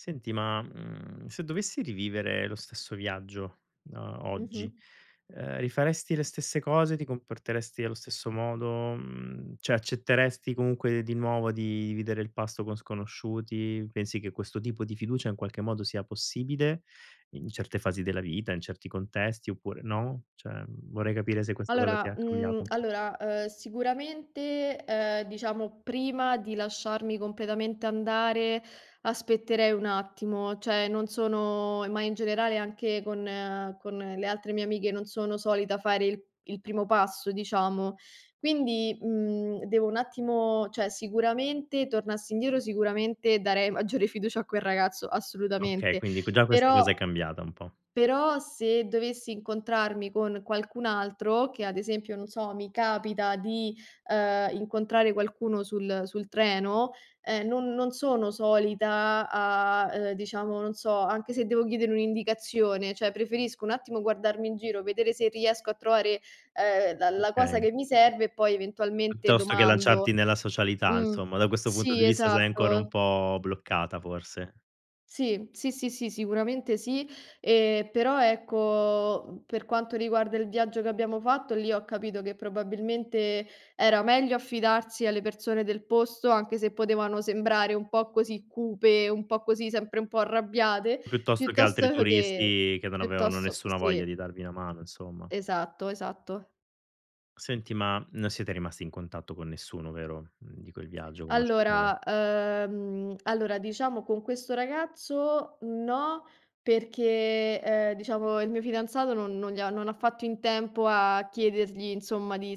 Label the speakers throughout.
Speaker 1: Senti, ma, mhmm, se dovessi rivivere lo stesso viaggio, no, oggi,
Speaker 2: Mh-mh.
Speaker 1: ehm, rifaresti le stesse cose, ti comporteresti allo stesso modo, mhmm, cioè accetteresti comunque di nuovo di dividere il pasto con sconosciuti? Pensi che questo tipo di fiducia in qualche modo sia possibile in certe fasi della vita, in certi contesti oppure no? Cioè, mhmm, vorrei capire se questa cosa ti
Speaker 2: Allora,
Speaker 1: ha
Speaker 2: mhmm,
Speaker 1: cambiato.
Speaker 2: allora, ehm, sicuramente, ehm, diciamo prima di lasciarmi completamente andare, aspetterei un attimo, cioè non sono ma in generale anche con ehm, con le altre mie amiche non sono solita fare il il primo passo, diciamo. Quindi, mhmm, devo un attimo cioè sicuramente tornassi indietro, sicuramente darei maggiore fiducia a quel ragazzo,
Speaker 1: Okay,
Speaker 2: assolutamente.
Speaker 1: quindi q già questa
Speaker 2: Però
Speaker 1: cosa è cambiata un po'.
Speaker 2: però se dovessi incontrarmi con qualcun altro, che ad esempio, non so, mi capita di, ehm, incontrare qualcuno sul sul treno, ehm, non non sono solita a a ehm, diciamo, non so anche se devo chiedere un'indicazione, cioè preferisco un attimo guardarmi in giro, vedere se riesco a trovare, ehm, la la cosa
Speaker 1: Okay.
Speaker 2: che mi serve e poi eventualmente
Speaker 1: Piuttosto che lanciarti
Speaker 2: domando.
Speaker 1: nella socialità
Speaker 2: Mh,
Speaker 1: insomma, da questo punto
Speaker 2: sì
Speaker 1: di vista sei ancora un
Speaker 2: esatto.
Speaker 1: po' bloccata forse.
Speaker 2: Sì, sì, sì, sì, sicuramente sì, ehm, però, ecco, uhm, per quanto riguarda il viaggio che abbiamo fatto, lì ho capito che probabilmente era meglio affidarsi alle persone del posto, anche se potevano sembrare un po' così cupe, un po' così, sempre un po' arrabbiate,
Speaker 1: Piuttosto che altri
Speaker 2: piuttosto che
Speaker 1: turisti che non avevano
Speaker 2: piuttosto
Speaker 1: nessuna voglia
Speaker 2: sì.
Speaker 1: di darvi una mano insomma.
Speaker 2: Esatto esatto.
Speaker 1: Senti, ma non siete rimasti in contatto con nessuno, vero, mhmm, di quel viaggio. [unintelligible]
Speaker 2: Allora, ehm, allora diciamo con questo ragazzo no, perché, ehm, diciamo il mio fidanzato non non gli ha non ha fatto in tempo a chiedergli insomma, di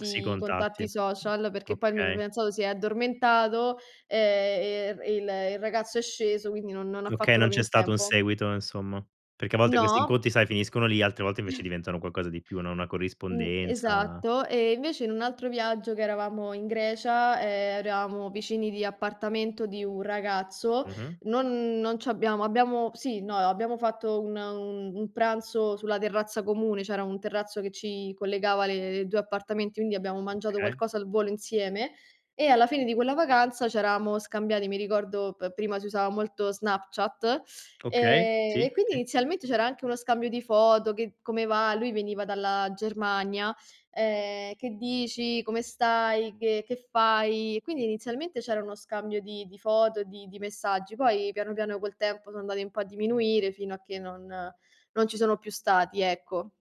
Speaker 1: Si
Speaker 2: i
Speaker 1: contatti.
Speaker 2: contatti social,
Speaker 1: Mh,
Speaker 2: perché poi il mio
Speaker 1: okay.
Speaker 2: fidanzato si è addormentato, ehm, ehm, il il ragazzo è sceso, quindi non non ha
Speaker 1: Okay,
Speaker 2: fatto
Speaker 1: non
Speaker 2: proprio
Speaker 1: c'è
Speaker 2: in
Speaker 1: stato un
Speaker 2: tempo.
Speaker 1: seguito insomma. Perché a volte questi
Speaker 2: No.
Speaker 1: incontri sai finiscono lì, altre volte invece diventano qualcosa di più, no, una
Speaker 2: Mhmm,
Speaker 1: corrispondenza
Speaker 2: esatto. E invece in un altro viaggio che eravamo in Grecia, ehm, eravamo vicini di appartamento di un ragazzo,
Speaker 1: Mh-mh.
Speaker 2: non non ci abbiamo abbiamo sì, no, ehm, abbiamo fatto una un un pranzo sulla terrazza comune. C'era un terrazzo che ci collegava le i due appartamenti, quindi abbiamo mangiato
Speaker 1: Okay.
Speaker 2: qualcosa al volo insieme e alla fine di quella vacanza c'eravamo scambiati, mi ricordo p prima si usava molto Snapchat,
Speaker 1: Okay,
Speaker 2: ehm,
Speaker 1: sì,
Speaker 2: e quindi
Speaker 1: sì.
Speaker 2: inizialmente c'era anche uno scambio di foto, che come va lui veniva dalla Germania, ehm: "Che dici? Come stai? Che che fai?" Quindi inizialmente c'era uno scambio di di foto, di di messaggi, poi piano piano col tempo son andati un po' a diminuire fino a che non non ci sono più stati, ecco.